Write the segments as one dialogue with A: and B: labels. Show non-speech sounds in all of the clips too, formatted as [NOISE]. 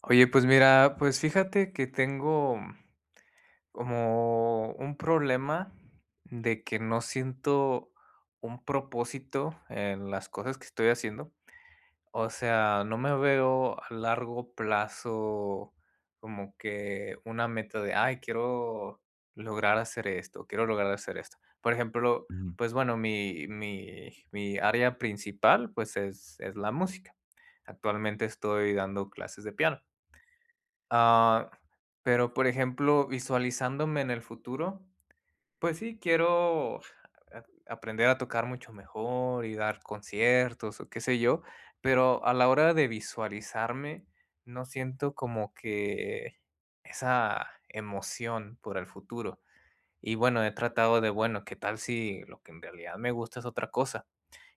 A: Oye, pues mira, pues fíjate que tengo como un problema, de que no siento un propósito en las cosas que estoy haciendo. O sea, no me veo a largo plazo como que una meta de: "Ay, quiero lograr hacer esto quiero lograr hacer esto". Por ejemplo, pues bueno, mi mi mi área principal, pues es es la música. Actualmente, estoy dando clases de piano. Ah, pero, por ejemplo, visualizándome en el futuro, pues sí, quiero, ja a aprender a tocar mucho mejor y dar conciertos o ¿qué sé yo? Pero a la hora de visualizarme no siento como que esa emoción por el futuro y bueno, he tratado de bueno, ¿qué tal si lo que en realidad me gusta es otra cosa?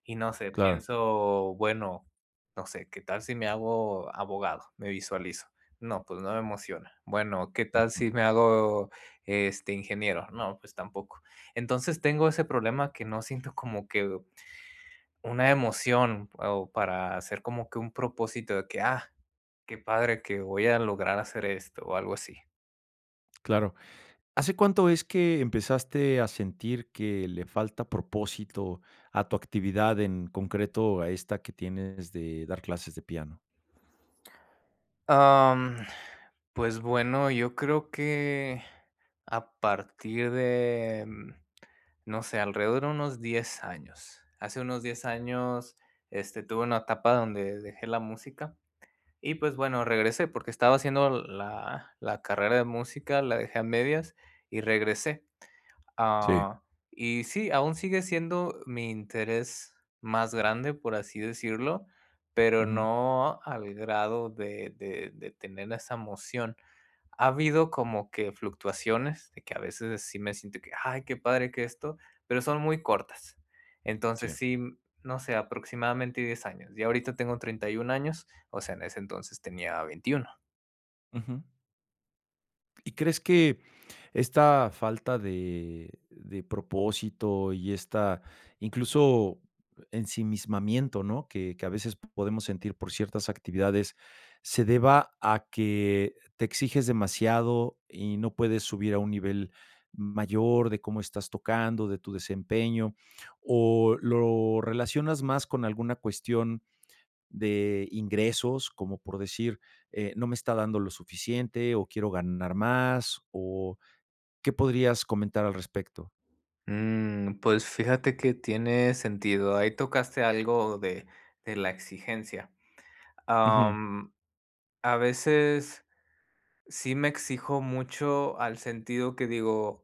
A: Y no sé,
B: Claro.
A: pienso bueno, no sé, ¿qué tal si me hago abogado? Me visualizo. No, pues no me emociona. Bueno, ¿qué tal
B: Ujú.
A: si me hago, este, ingeniero? No, pues tampoco. Entonces tengo ese problema, que no siento como que una emoción o para hacer como que un propósito de que: "Ah, qué padre que voy a lograr hacer esto". O algo así.
B: Claro, ¿hace cuánto es que empezaste a sentir que le falta propósito a tu actividad en concreto, a esta que tienes de dar clases de piano?
A: Am, pues bueno, yo creo que a partir de no sé, alrededor de unos 10 años, hace unos 10 años, este, tuve una etapa donde dejé la música y, pues bueno, regresé porque estaba haciendo la la carrera de música. La dejé a medias y regresé.
B: Sí.
A: Ah, y sí, aún sigue siendo mi interés más grande, por así decirlo. Pero
B: Ujú.
A: no al grado de de, de tener esa emoción. Ha habido como que fluctuaciones de que a veces sí me siento que: "Ay, qué padre que esto", pero son muy cortas.
B: Sí.
A: Entonces sí, no sé, aproximadamente 10 años yo ahorita tengo 31 años. O sea, en ese entonces tenía 21.
B: Ujú. Y, crees que esta falta de de propósito y esta incluso ensimismamiento, ¿no?, que que a veces podemos sentir por ciertas actividades, se deba a que te exiges demasiado y no puedes subir a un nivel mayor de cómo estás tocando, de tu desempeño, o lo relacionas más con alguna cuestión de ingresos, como por decir, eh, no me está dando lo suficiente o quiero ganar más, o ¿qué podrías comentar al respecto?
A: Mm, pues fíjate que tiene sentido. Ahí tocaste algo de de la exigencia.
B: Ujú.
A: Am, a veces sí me exijo mucho, al sentido que digo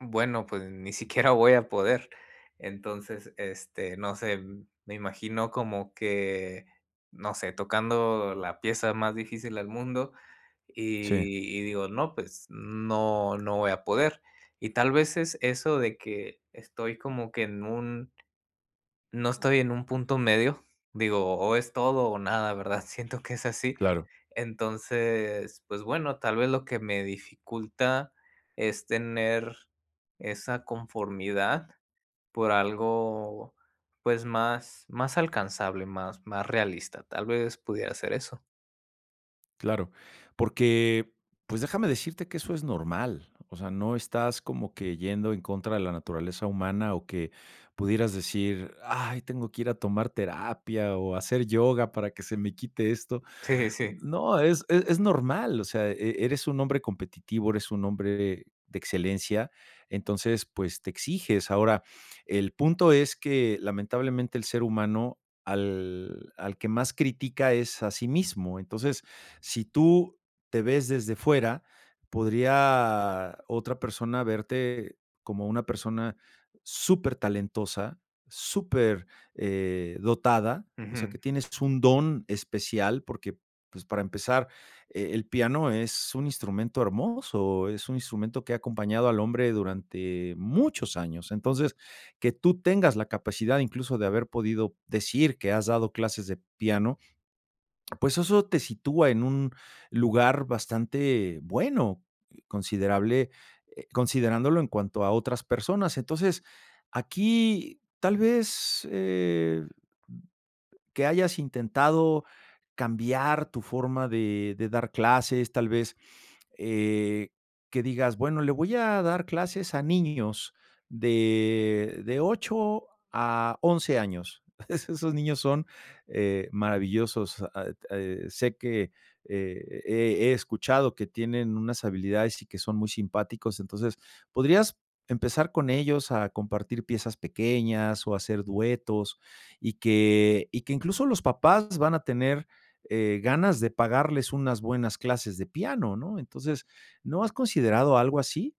A: bueno, pues ni siquiera voy a poder. Entonces, este no sé, me imagino como que no sé, tocando la pieza más difícil del mundo
B: Sí.
A: y y digo, no. Pues no, no voy a poder. Y tal vez es eso, de que estoy como que en un no estoy en un punto medio. Digo, o es todo o nada, ¿verdad? Siento que es así.
B: Claro.
A: Entonces, pues bueno, tal vez lo que me dificulta es tener esa conformidad por algo, pues más más alcanzable, más más realista. Tal vez pudiera ser eso.
B: Claro, porque, pues déjame decirte que eso es normal, o sea, no estás como que yendo en contra de la naturaleza humana o que, pudieras decir: "Ay, tengo que ir a tomar terapia o hacer yoga para que se me quite esto".
A: Sí sí sí.
B: No, es es es normal, o sea, e eres un hombre competitivo, eres un hombre de excelencia, entonces pues, te exiges, ahora, el punto es que, lamentablemente el ser humano, al al que más critica, es a sí mismo, entonces, si tú te ves desde fuera, podría otra persona verte como una persona súper talentosa, súper, eh, dotada, o sea,
A: Ujú.
B: que tienes un don especial porque pues, para empezar, eh, el piano es un instrumento hermoso, es un instrumento que ha acompañado al hombre durante muchos años, entonces, que tú tengas la capacidad, incluso de haber podido decir que has dado clases de piano pues eso te sitúa en un lugar bastante bueno, considerable, eh considerándolo en cuanto a otras personas, entonces, aquí, tal vez, eh, que hayas intentado cambiar tu forma de de dar clases, tal vez, eh, que digas, bueno, le voy a dar clases a niños de de 8 a 11 años, es esos niños son, eh, maravillosos, ah, et eh, sé que, e e he, escuchado que tienen unas habilidades y que son muy simpáticos, entonces, podrías empezar con ellos a compartir piezas pequeñas o hacer duetos, y que y que incluso, los papás van a tener, eh, ganas de pagarles unas buenas clases de piano, ¿no?, entonces, ¿no has considerado algo así?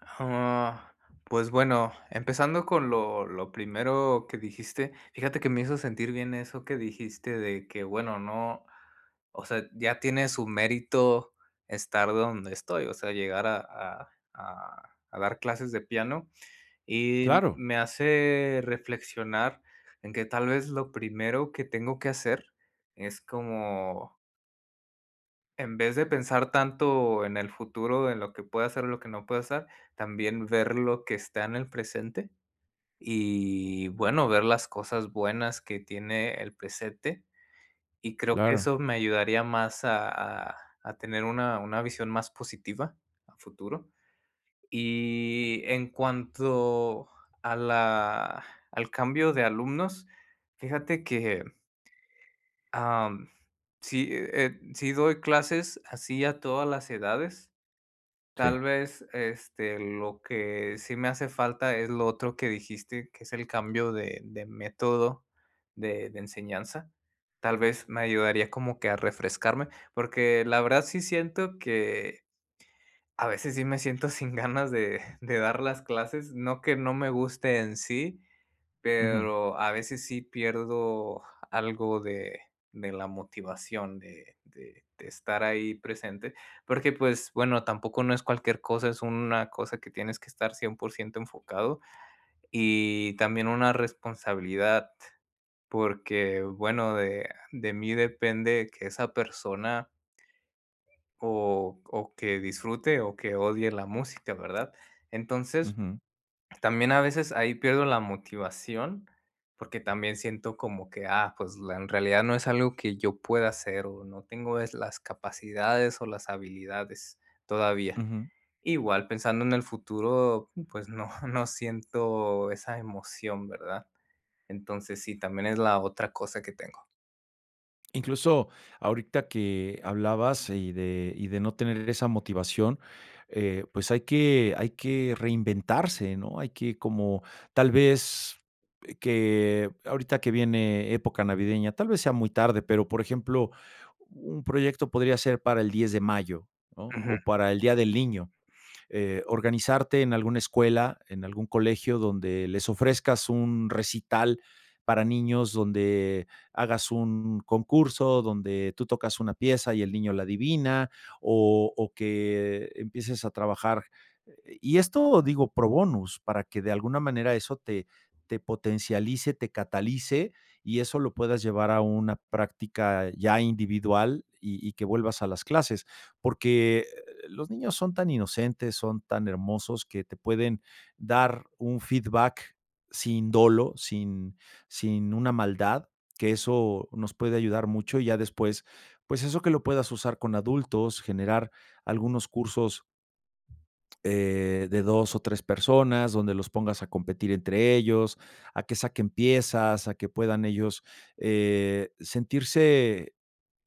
A: Ah, pues bueno, empezando con lo lo primero que dijiste, fíjate que me hizo sentir bien eso que dijiste, de que bueno, no, o sea, ya tiene su mérito estar donde estoy, o sea, llegar a a a a dar clases de piano y
B: Claro.
A: me hace reflexionar en que tal vez lo primero que tengo que hacer es como en vez de pensar tanto en el futuro, en lo que pueda hacer, lo que no puede hacer también ver lo que está en el presente y bueno, ver las cosas buenas que tiene el presente. Y creo que
B: Claro.
A: eso me ayudaría más a a a tener una una visión más positiva a futuro. Y en cuanto a la al cambio de alumnos, fíjate que am, sí, eh eh, si doy clases así a todas las edades.
B: Sí.
A: Tal vez, este, lo que sí me hace falta es lo otro que dijiste, que es el cambio de de método de de enseñanza. Tal vez me ayudaría como que a refrescarme porque, la verdad, sí siento que a veces sí me siento sin ganas [CHUCKLES] de de dar las clases, no que no me guste en sí,
B: Ujú.
A: pero a veces sí pierdo algo de de la motivación de de de estar ahí presente porque, pues, bueno, tampoco no es cualquier cosa, es una cosa que tienes que estar 100% enfocado y también una responsabilidad, porque, bueno, de de mí depende que esa persona o o que disfrute o que odie la música, ¿verdad? Entonces,
B: Ujú.
A: también a veces ahí pierdo la motivación, porque, también siento como que, ah, pues, en realidad no es algo que yo pueda hacer, o no tengo es las capacidades o las habilidades todavía,
B: Ujú.
A: igual pensando en el futuro. Pues, no [CHUCKLES] no siento esa emoción, ¿verdad? Entonces sí, también es la otra cosa que tengo.
B: Incluso ahorita que hablabas y de y de no tener esa motivación, eh, pues, hay que hay que reinventarse, ¿no? Hay que, como tal vez, que ahorita que viene época navideña, tal vez sea muy tarde, pero, por ejemplo, un proyecto podría ser para el 10 de mayo, ¿no?,
A: Ujú.
B: o para el Día del Niño, eh, organizarte en alguna escuela, en algún colegio donde les ofrezcas un recital, para niños, donde hagas un concurso, donde tú tocas una pieza y el niño la adivina, o o que empieces a trabajar. Y esto digo, pro bonus para que de alguna manera eso te te potencialice, te catalice y eso lo puedas llevar a una práctica ya individual y y que vuelvas a las clases, porque, los niños son tan inocentes, son tan hermosos que te pueden dar un feedback sin dolo, sin sin una maldad, que eso nos puede ayudar mucho y ya después, pues, eso que lo puedas usar con adultos, generar algunos cursos. Eh, de 2 o 3 personas donde los pongas a competir entre ellos, a que saquen piezas, a que puedan ellos, eh, sentirse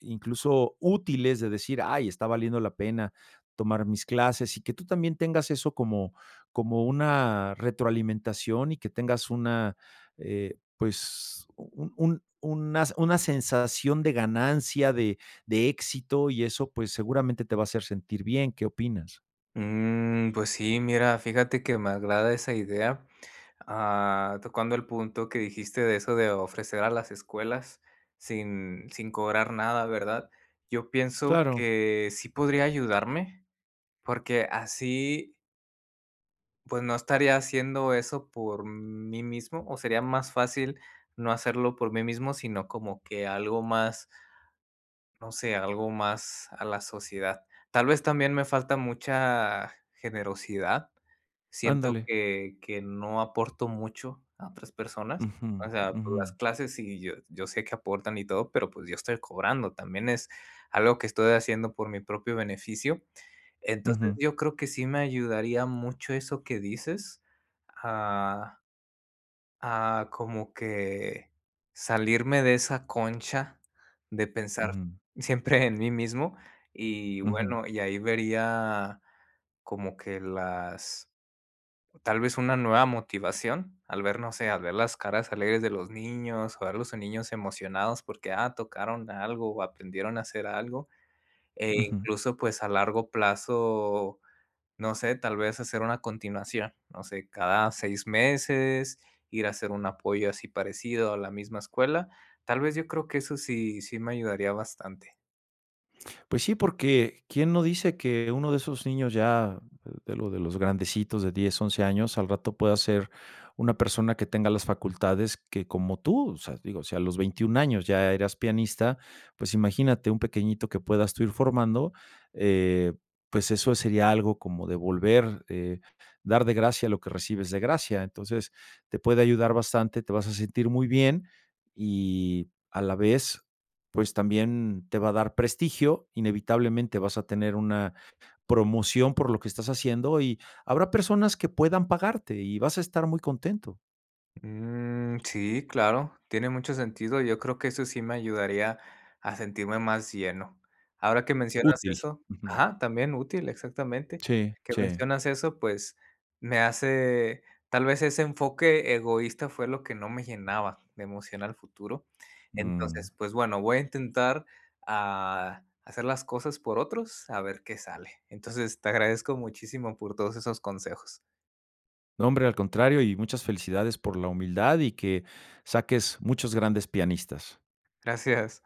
B: incluso útiles de decir: "Ay, está valiendo la pena tomar mis clases", y que tú también tengas eso como como una retroalimentación y que tengas una, eh, pues un un una una sensación de ganancia, de de éxito y eso, pues, seguramente te va a hacer sentir bien, ¿qué opinas?
A: Mm, pues sí. Mira, fíjate que me agrada esa idea. Ah, tocando el punto, que dijiste de eso de ofrecer a las escuelas sin sin cobrar nada, ¿verdad? Yo pienso
B: Claro.
A: que sí podría ayudarme, porque así pues, no estaría haciendo eso por mí mismo, o sería más fácil no hacerlo por mí mismo, sino como que algo más no sé, algo más a la sociedad. Tal vez, también me falta mucha generosidad, siento
B: Ándale.
A: que que no aporto mucho a otras personas.
B: Ujú,
A: O sea,
B: ujú.
A: las clases y yo yo sé que aportan y todo, pero, pues yo estoy cobrando, también es algo que estoy haciendo por mi propio beneficio. Entonces
B: Ujú.
A: yo creo que sí me ayudaría mucho eso que dices a a, como que salirme de esa concha de pensar
B: Ujú.
A: siempre en mí mismo [CHUCKLES] y
B: Ujú.
A: bueno, y ahí vería como que las tal vez una nueva motivación al ver, no sé, al ver las caras alegres de los niños, o a los niños emocionados porque ah, tocaron algo, aprendieron a hacer algo, e
B: Ujú.
A: incluso pues, a largo plazo, no sé, tal vez hacer una continuación, no sé, cada 6 meses, ir a hacer un apoyo así parecido a la misma escuela, tal vez, yo creo que eso sí sí me ayudaría bastante.
B: Pues sí, porque, ¿quién no dice que uno de esos niños ya de lo de los grandecitos de 10, 11 años al rato pueda ser una persona que tenga las facultades, que como tú, o sea, digo, si a los 21 años ya eras pianista, pues, imagínate un pequeñito que puedas tú ir formando, eh, pues, eso sería algo como de volver, eh, dar de gracia lo que recibes de gracia. Entonces te puede ayudar bastante, te vas a sentir muy bien y a la vez, pues, también te va a dar prestigio, inevitablemente vas a tener una promoción por lo que estás haciendo y habrá personas que puedan pagarte y vas a estar muy contento.
A: Mm. Sí, claro, tiene mucho sentido. Yo creo que eso sí me ayudaría a sentirme más lleno, ahora que mencionas
B: Útil.
A: eso
B: Ujú.
A: Ajá, también, útil, exactamente
B: Sí,
A: Que
B: sí.
A: mencionas eso, pues, me hace tal vez ese enfoque egoísta fue lo que no me llenaba de emoción al futuro.
B: Mm.
A: Entonces pues, bueno, voy a intentar, ah, hacer las cosas por otros a ver qué sale, entonces te agradezco muchísimo por todos esos consejos.
B: No, hombre, al contrario, y muchas felicidades por la humildad, y que saques muchos grandes pianistas.
A: Gracias.